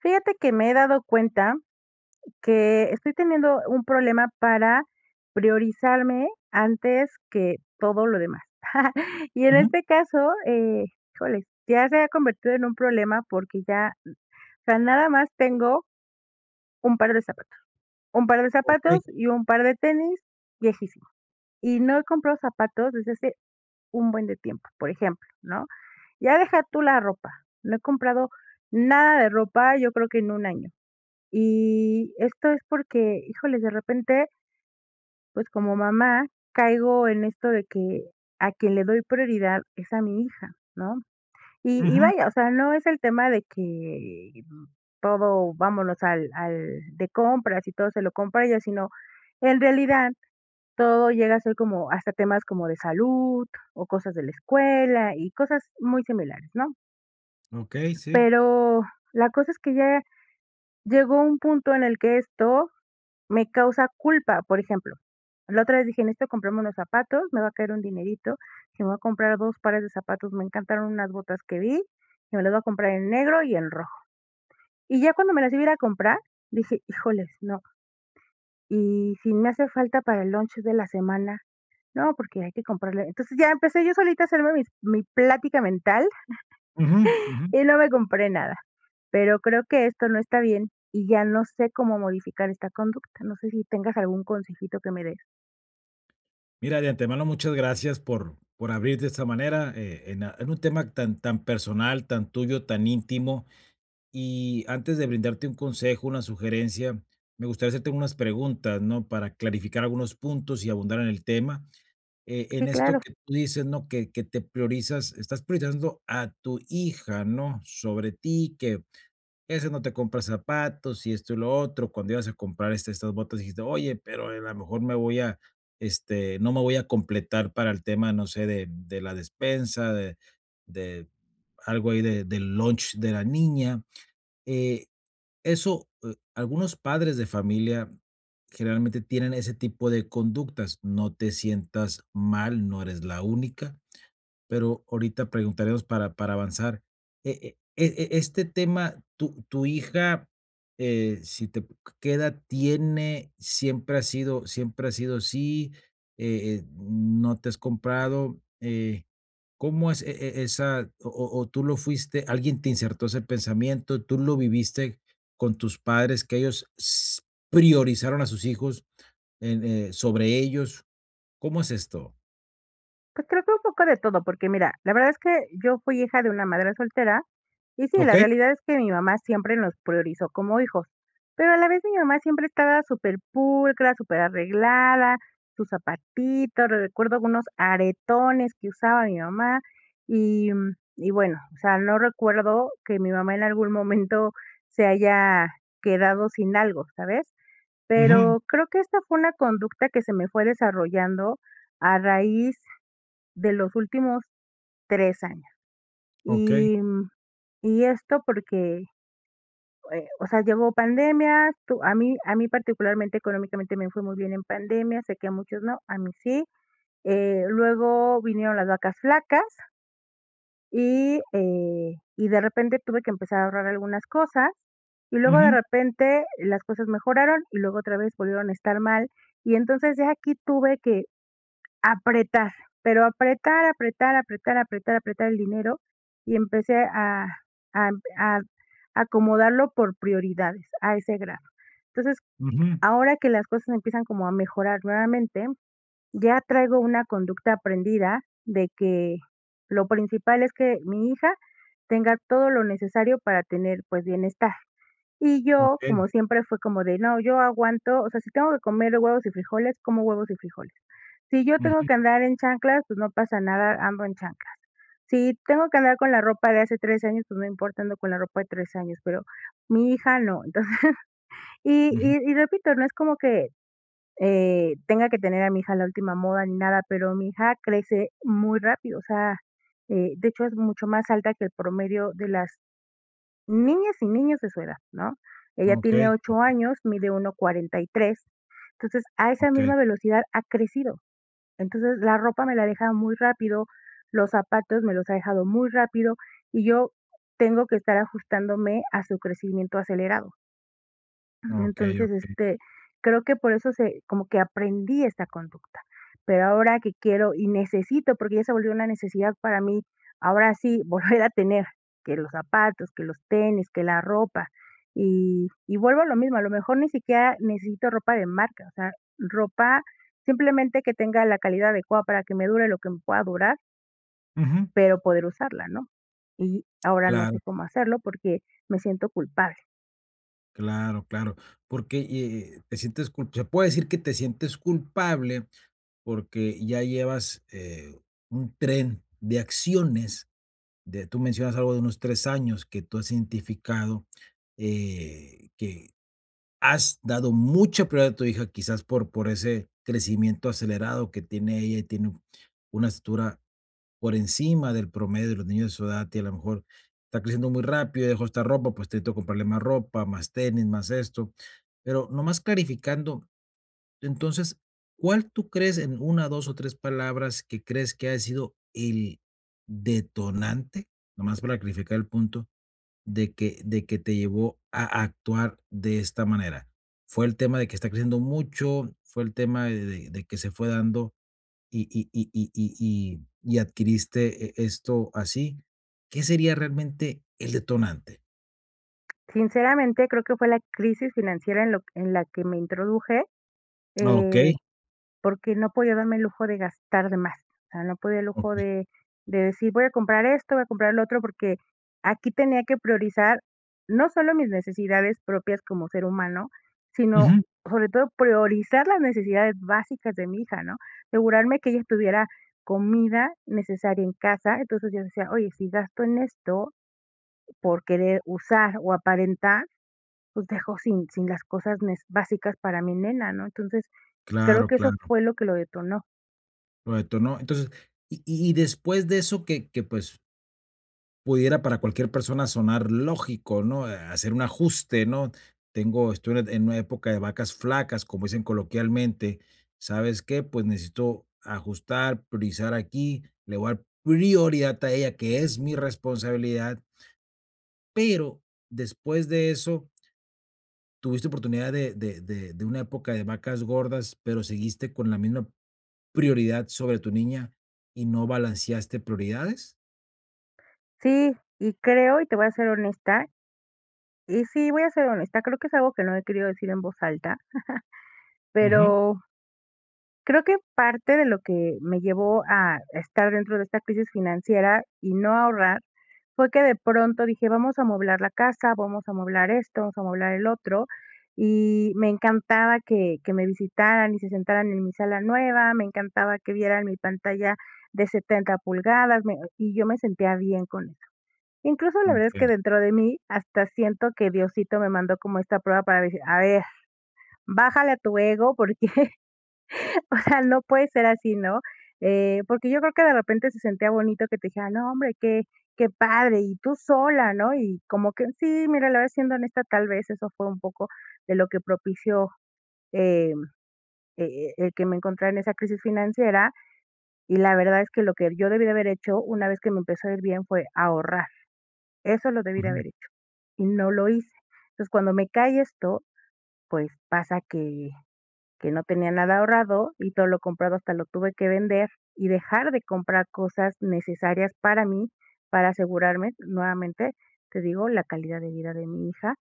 Fíjate que me he dado cuenta que estoy teniendo un problema para priorizarme antes que todo lo demás. Y en Ujú. este caso, eh, híjole, si ya se ha convertido en un problema porque ya, n o sea, nada más tengo un par de zapato un par de Okey. zapatos y un par de tenis viejísimo, y no he comprado zapatos desde hace un buen de tiempo, por ejemplo, ¿no?, ya deja tú la ropa, no he comprado nada de ropa, yo creo que en 1 año, y esto es porque, híjole, de repente pues, como mamá caigo en esto de que a quien le doy prioridad es a mi hija, ¿no? Y y, Ujú. vaya, o sea, no es el tema de que, mm, todo vámonos al al de compras y todo se lo compra a ella, sino, en realidad todo llega a ser como hasta temas como de salud, o cosas de la escuela, y cosas muy similares, ¿no? Okey, sí. Pero, la cosa es que ya llegó un punto en el que esto me causa culpa, por ejemplo, la otra vez dije: "Necesito comprarme unos zapatos, me va a caer un dinerito", dije: "Me voy a comprar 2 pares de zapatos". Me encantaron unas botas que vi, dije: "Me las voy a comprar en negro y en rojo". Y ya cuando me las iba a ir a comprar, dije: "Híjoles, no" "¿y si me hace falta para el lonche de la semana? No, porque hay que comprarle". Entonces, ya empecé yo solita a hacerme mis mi plática mental, Ujú, ujú. y no me compré nada. Pero creo que esto no está bien, y ya no sé cómo modificar esta conducta. No sé si tengas algún consejito que me des. Mira, de antemano, muchas gracias por por abrirte de esta manera, eh, en a en un tema tan tan personal, tan tuyo, tan íntimo. Y antes de brindarte un consejo, una sugerencia, me gustaría hacerte unas preguntas, ¿no?, para clarificar algunos puntos y abundar en el tema. Eh, Sí, en esto claro. que tú dices, ¿no?, que que te priorizas, ¿estás priorizando a tu hija, no?, sobre ti, que, este, no te compra zapatos y esto, y lo otro, cuando ibas a comprar, este, estas botas dijiste: "Oye, pero, e a lo mejor me voy a, este, no me voy a completar para el tema, no sé, de de la despensa, de de algo ahí de del lunch de la niña". Eh, eso, eh, algunos padres de familia generalmente tienen ese tipo de conductas. No te sientas mal, no eres la única. Pero ahorita preguntaremos para para avanzar. Eh eh, e este tema, ¿tu tu hija, eh, si te que edad tiene? ¿Siempre ha sido siempre ha sido así? Eh eh, ¿no te has comprado? Eh, ¿cómo es e e esa, o o o tú lo fuiste alguien te insertó ese pensamiento, tú lo viviste con tus padres, que ellos s priorizaron a sus hijos en, eh, sobre ellos? ¿Cómo es esto? Pues, creo que un poco de todo, porque mira, la verdad es que yo fui hija de una madre soltera, y sí, la Okey. realidad es que mi mamá siempre nos priorizó como hijos. Pero a la vez mi mamá siempre estaba súper pulcra, súper arreglada, sus zapatitos, recuerdo algunos aretones que usaba mi mamá, y, mm, y bueno, o sea, no recuerdo que mi mamá en algún momento se haya quedado sin algo, ¿sabes? Ujú. Pero creo que esta fue una conducta que se me fue desarrollando a raíz de los últimos 3 años. Okey. Y mm, y esto porque, eh, o sea, llegó pandemia, tu a mí a mí particularmente económicamente me fue muy bien en pandemia, sé que a muchos no, a mí sí. Eh, luego vinieron las vacas flacas y, eh, y de repente tuve que empezar a ahorrar algunas cosas, y luego de Ujú. repente las cosas mejoraron, y luego otra vez volvieron a estar mal, y, entonces, ya aquí tuve que apretar, pero apretar, apretar, apretar, apretar, apretar el dinero, y empecé a a a acomodarlo por prioridades a ese grado. Entonces, Ujú. ahora que las cosas empiezan como a mejorar nuevamente, ya traigo una conducta aprendida de que lo principal es que mi hija tenga todo lo necesario para tener, pues, bienestar. Y yo, como Okey. siempre, fue como de no, yo aguanto, o sea, si tengo que comer huevos y frijoles, como huevos y frijoles. Si yo tengo Ujú. que andar en chanclas, pues, no pasa nada, ando en chanclas. Si tengo que andar con la ropa de hace 3 años, pues, no importa, ando con la ropa de 3 años, pero mi hija no. Entonces y Ujú. y y repito, no es como que, eh, tenga que tener a mi hija a la última moda ni nada, pero mi hija crece muy rápido, o sea, eh, de hecho es mucho más alta que el promedio de las niñas y niños de su edad, ¿no? Ella tiene Okey. 8 Okey. años, mide 1.43, entonces, a esa Okey. misma velocidad ha crecido. Entonces, la ropa me la ha dejado muy rápido, los zapatos me los ha dejado muy rápido, y yo tengo que estar ajustándome a su crecimiento acelerado. Eh, Okey, entonces, okey. este, creo que por eso se como que aprendí esta conducta. Pero ahora que quiero y necesito, porque ya se volvió una necesidad para mí, ahora sí volver a tener, que los zapatos, que los tenis, que la ropa. Y y vuelvo a lo mismo, a lo mejor, ni siquiera necesito ropa de marca, o sea, ropa, simplemente, que tenga la calidad adecuada para que me dure lo que me pueda durar Ujú. pero poder usarla, ¿no? Y ahora no Claro. sé cómo hacerlo, porque me siento culpable. Claro, claro, porque, eh eh, te sientes cul se puedo decir que te sientes culpable, porque ya llevas, eh, un tren de acciones de tú mencionas algo de unos 3 años que tú has identificado, eh, que has dado mucha prioridad a tu hija, quizás por por ese crecimiento acelerado que tiene ella y tiene una estatura por encima del promedio de los niños de su edad, a ti, a lo mejor, está creciendo muy rápido y dejó esta ropa, pues, te necesito comprarle más ropa, más tenis, más esto. Pero nomás clarificando, entonces, ¿cuál tú crees en 1, 2 o 3 palabras que crees que haya sido el detonante? Nomás para clarificar el punto de que de que te llevó a actuar de esta manera. ¿Fue el tema de que está creciendo mucho, fue el tema de de de que se fue dando y y y y y y y adquiriste, eh eh, esto así? ¿Qué sería realmente el detonante? Sinceramente, creo que fue la crisis financiera en lo q en la que me introduje, eh, Okey. porque no podía darme el lujo de gastar de más, o sea, no podía el lujo Okey. de de decir voy a comprar esto, voy a comprar lo otro, porque aquí tenía que priorizar, no solo mis necesidades propias como ser humano, sino Ujú. sobre todo priorizar las necesidades básicas de mi hija, ¿no? Asegurarme que ella tuviera comida necesaria en casa, entonces, yo decía: "Oye, si gasto en esto por querer usar o aparentar, pues, dejo sin sin las cosas nes básicas para mi nena", ¿no? Entonces, creo Claro, que eso claro. fue lo que lo detonó. ¿Lo detonó? Entonces, y y después de eso que que, pues pudiera para cualquier persona sonar lógico, ¿no?, eh, hacer un ajuste, ¿no? Tengo estoy en una época de vacas flacas, como dicen coloquialmente, ¿sabes qué? Pues, necesito ajustar, priorizar aquí, le voy a dar prioridad a ella, que es mi responsabilidad pero después de eso ¿tuviste oportunidad de de de de una época de vacas gordas pero seguiste con la misma prioridad sobre tu niña y no balanceaste prioridades? Sí, y creo, y te voy a ser honesta y sí, voy a ser honesta, creo que es algo que no he querido decir en voz alta, Ujú. pero creo que parte de lo que, me llevó a estar dentro de esta crisis financiera y no ahorrar, fue que de pronto dije: "Vamos a amoblar la casa, vamos a amoblar esto, vamos a amoblar el otro", y me encantaba que que me visitaran y se sentaran en mi sala nueva, me encantaba que vieran mi pantalla de 70 pulgadas, me y yo me sentía bien con eso. Incluso, la verdad es que Okey. dentro de mí, hasta siento que Diosito me mandó como esta prueba para decir: "A ver, bájale a tu ego, porque, o sea, no puede ser así, ¿no? Eh, porque yo creo que de repente se sentía bonito que te decían: "No hombre, qué qué padre, y tú sola", ¿no? Y como que Sí, mira, la verdad, siendo honesta, tal vez, eso fue un poco de lo que propició, em, e e el que me encontrara en esa crisis financiera, y la verdad es que lo que yo debí de haber hecho, una vez que me empezó a ir bien, fue ahorrar. Eso lo debí de Ujú. haber hecho, y no lo hice. Entonces, cuando me cae esto, pues, pasa que que no tenía nada ahorrado, y todo lo comprado hasta lo tuve que vender, y dejar de comprar cosas necesarias para mí, para asegurarme nuevamente, te digo, la calidad de vida de mi hija.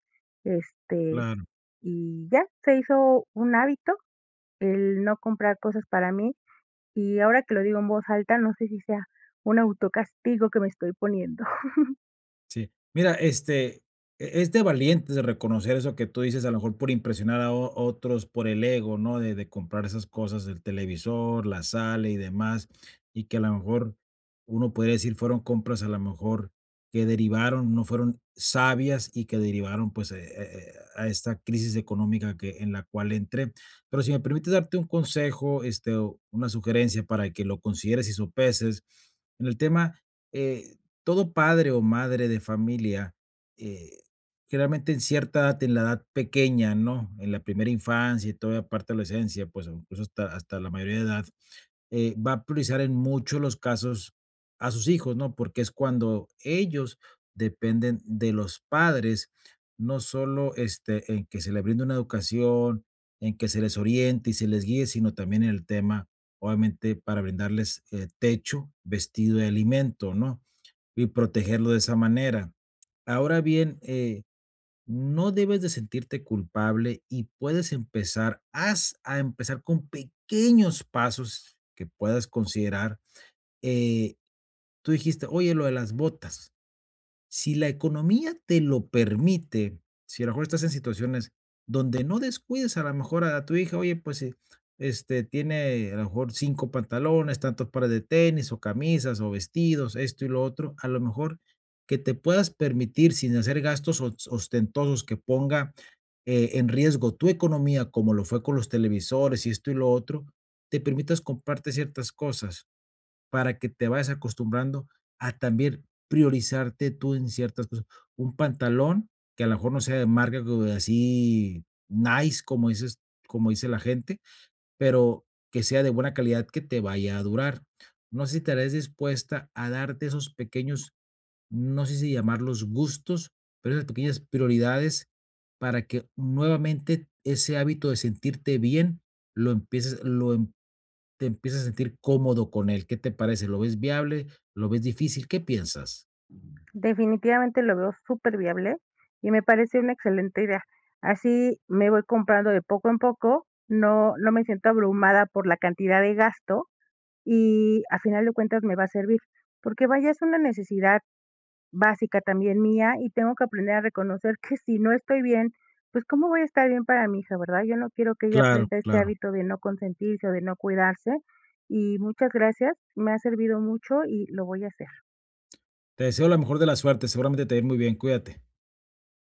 Este, Claro. y ya, se hizo un hábito el no comprar cosas para mí, y ahora que lo digo en voz alta, no sé si sea, un auto castigo que me estoy poniendo. Sí, mira, este, e es de valientes reconocer eso que tú dices, a lo mejor por impresionar a o otros, por el ego, ¿no? De de comprar esas cosas del televisor, la sala y demás, y que a la mejor uno puede decir: "Fueron compras a la mejor, que derivaron No fueron sabias y que derivaron, pues, eh eh eh, a esta crisis económica que en la cual entré". Pero si me permites darte un consejo, este, o una sugerencia para que lo consideres y sopeses. En el tema, eh, todo padre o madre de familia, eh, generalmente, en cierta edad, t en la edad pequeña, ¿no? En la primera infancia y toda la parte de la esencia, pues, incluso, hasta hasta la mayoría de edad, eh, va a priorizar en mucho, los casos a sus hijos, ¿no? Porque es cuando ellos dependen de los padres, no solo, este, en que se le brinde una educación, en que se les oriente y se les guíe, sino también en el tema, obviamente, para brindarles, eh, techo, vestido y alimento, ¿no? Y protegerlo de esa manera. Ahora bien, eh, no debes de sentirte culpable y puedes empezar. Haz a empezar con pequeños pasos que puedas considerar, eh, tú dijiste: "Oye, lo de las botas". Si la economía te lo permite, si a lo mejor estás en situaciones donde no descuides a la mejor a a tu hija. Oye, pues, eh, este, tiene a lo mejor 5 pantalones, tantos pares de tenis, o camisas, o vestidos, esto y lo otro, a lo mejor, que te puedas permitir sin hacer gastos os ostentosos, que ponga, eh, en riesgo tu economía, como lo fue con los televisores y esto, y lo otro, te permitas comprarte ciertas cosas, para que te vayas acostumbrando a también priorizarte tú en ciertas cosas. Un pantalón que a lo mejor no sea de marca como de así nice, como dices como dice la gente, pero que sea de buena calidad que te vaya a durar. No sé si estarías dispuesta a darte esos pequeños, no sé si llamarlos gustos, pero esas pequeñas prioridades, para que nuevamente ese hábito de sentirte bien lo empieces, lo em te empieces a sentir cómodo con él, ¿qué te parece? ¿Lo ves viable? ¿Lo ves difícil? ¿Qué piensas? Definitivamente lo veo súper viable, y me parece una excelente idea, así me voy comprando de poco en poco, no no me siento abrumada por la cantidad de gasto, y a final de cuentas me va a servir. Porque vaya, es una necesidad básica también mía, y tengo que aprender a reconocer que si no estoy bien, pues, ¿cómo voy a estar bien para mi hija, verdad? Yo no quiero que ella Claro, aprenda este claro. hábito de no consentirse o de no cuidarse. Y muchas gracias, me ha servido mucho y lo voy a hacer. Te deseo la mejor de las suertes. Seguramente te va a ir muy bien, cuídate.